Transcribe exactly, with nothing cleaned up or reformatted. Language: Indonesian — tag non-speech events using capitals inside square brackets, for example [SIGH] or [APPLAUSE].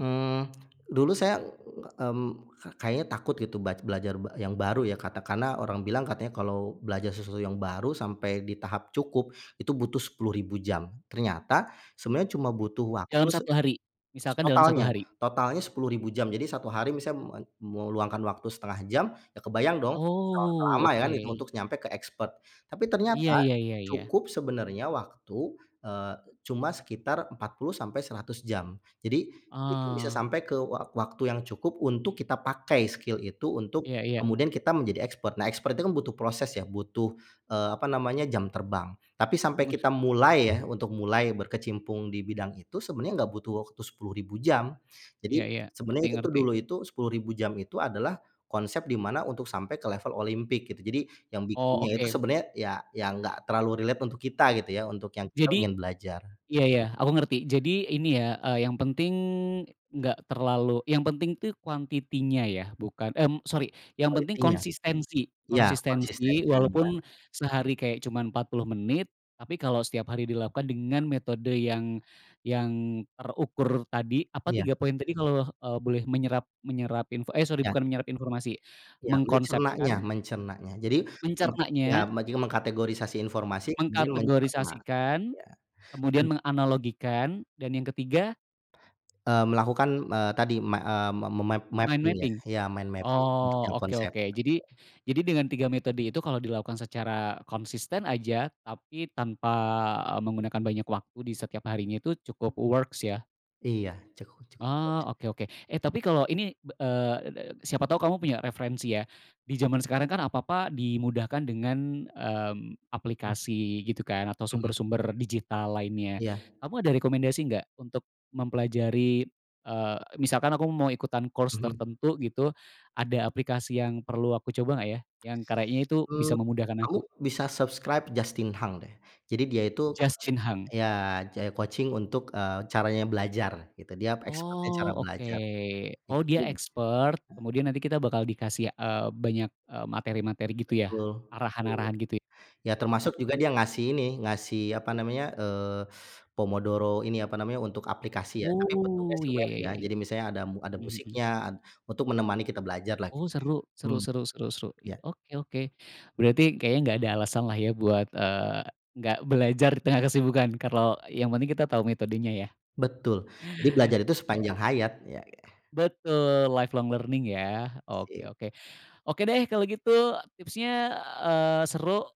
Mmm, [CLICKS TONGUE] dulu saya, mmm, ka kayaknya takut gitu bac belajar yang baru ya, katakanlah orang bilang katanya kalau belajar susu yang baru sampai di tahap cukup itu butuh sepuluh ribu jam, ternyata sebenarnya cuma butuh waktu Dalam se satu hari, s misalkan dalam satu totalnya hari. totalnya sepuluh ribu jam. Jadi satu hari misam me meluangkan waktu setengah jam, ya kebayang dong berapa Oh, lama ya itu oke. untuk nyampe ke eksper. Tapi ternyata Iya, ya ya ya. cukup sebenarnya waktu, eee, cuma sekitar empat puluh sampai seratus jam. Jadi itu bisa Oh. sampai ke wak waktu yang cukup untuk kita pakai skill itu untuk Iya iya. kemudian kita menjadi expert. Nah, expert itu kan butuh proses ya butuh, eee, apa namanya, jam terbang. Tapi sampai Mhm. kita mulai ya untuk mulai berkecimpung di bidang itu sebenarnya nggak butuh waktu sepuluh ribu jam. Iya Jadi iya, sebenarnya ngerti itu tuh ngerti. dulu itu sepuluh ribu jam itu adalah konsep di mana untuk sampai ke level olympic gitu. Jadi yang Oh, bikinnya itu oke. sebenarnya ya ya nggak terlalu relate untuk kita gitu ya, untuk yang kita Jadi ingin belajar. iya, ya, aku ngerti. Jadi ini ya, eee, yang penting nggak terlalu yang penting tuh quantity-nya ya bukan mmm, sori yang penting Quality-nya. konsistensi Iya, konsistensi konsistensinya walaupun sehari kayak cuman empat puluh menit tapi kalau setiap hari dilakukan dengan metode yang yang terukur tadi, apa Iya. tiga poin tadi kalau, eee, boleh menyerap menyerap info eh, sori Ya. bukan menyerap informasi, Iya. Mencernanya mengkonsepkan mencernanya. Jadi me ya, Mencernanya maju mengkategorisasi informasi kemudian mencerna. Mengkategorisasikan, Iya kemudian dan menganalogikan, dan yang ketiga Eee, melakukan, eee, tadi me eee, me me map mind mapping ya, mapping ya mind mapping untuk Oh, yang oke konsep, oke. Jadi betul. jadi dengan tiga metode itu kalau dilakukan secara konsisten aja tapi tanpa menggunakan banyak waktu di setiap harinya itu cukup works ya. Iya. Cukup cukup kok. Ah, oke oke. Eh, tapi kalau ini, eee, siapa tahu kamu punya referensi ya di zaman sekarang kan apa-apa dimudahkan dengan, mmm, Mmm. aplikasi gitu kan atau Mhm. sumber-sumber digital lainnya. Iya. Kamu ada rekomendasi nggak untuk mempelajari, eee, misalkan aku mau ikutan course Mhm. tertentu gitu ada aplikasi yang perlu aku coba nggak ya [CLICKS TONGUE] yang karyai itu Mmm, bisa memudahkan kamu aku? bisa subscribe Justin Hank deh. Jadi dia itu coach Justin Hunk. ya, jadi coaching untuk, eee, caranya belajar gitu, dia expert-nya cara Oh, oke. belajar. Oh, dia Ikutin deh. eksper, kemudian nanti kita bakal dikasih, eee, banyak, eee, materi-materi gitu ya Betul, iya. arahan-arahan gitu. Ya termasuk Oke. juga dia ngasih ini, ngasih apa namanya, eee, se Pomodoro ini apa namanya, untuk aplikasi ya tapi bentuknya Oh, sih iya, web ya ya. ya ya. Jadi misalnya ada mu ada Mhm mhm. musiknya, ad untuk menemani kita belajarlah Oh, gitu. seru. Seru Mmm, seru seru seru. I iya. oke oke. Berarti kayaknya nggak ada alasanlah ya buat, eee, nggak belajar di tengah kesibukan kalau yang penting kita tahu metodenya ya. Betul, jadi belajar itu sepanjang [UNINTELLIGIBLE] hayat ya. Betul, life long learning ya. Oke Sip. oke. Oke deh kalau gitu tipsnya, eee, seru.